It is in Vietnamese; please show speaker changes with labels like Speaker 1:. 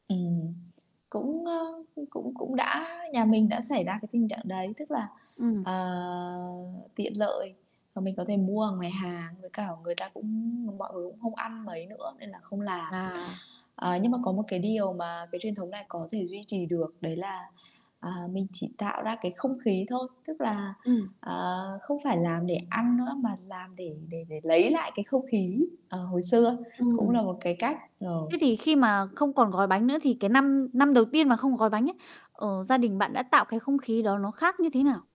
Speaker 1: Ừm, cũng, ơ, cũng cũng đã nhà mình đã xảy ra cái tình trạng đấy, tức là,
Speaker 2: Ừm.
Speaker 1: ờ, tiện lợi và mình có thể mua ở ngoài hàng, với cả người ta cũng mọi người cũng không ăn mấy nữa nên là không làm.
Speaker 2: À.
Speaker 1: Ờ, nhưng mà có một cái điều mà cái truyền thống này có thể duy trì được, đấy là, à, mình chỉ tạo ra cái không khí thôi, tức là,
Speaker 2: Ừm.
Speaker 1: ờ, không phải làm để ăn nữa mà làm để để để lấy lại cái không khí, ờ, hồi xưa, cũng
Speaker 2: Ừm.
Speaker 1: là một cái cách,
Speaker 2: Thế
Speaker 1: ờ.
Speaker 2: thì khi mà không còn gói bánh nữa thì cái năm năm đầu tiên mà không còn gói bánh ấy, ờ, gia đình bạn đã tạo cái không khí đó nó khác như thế nào?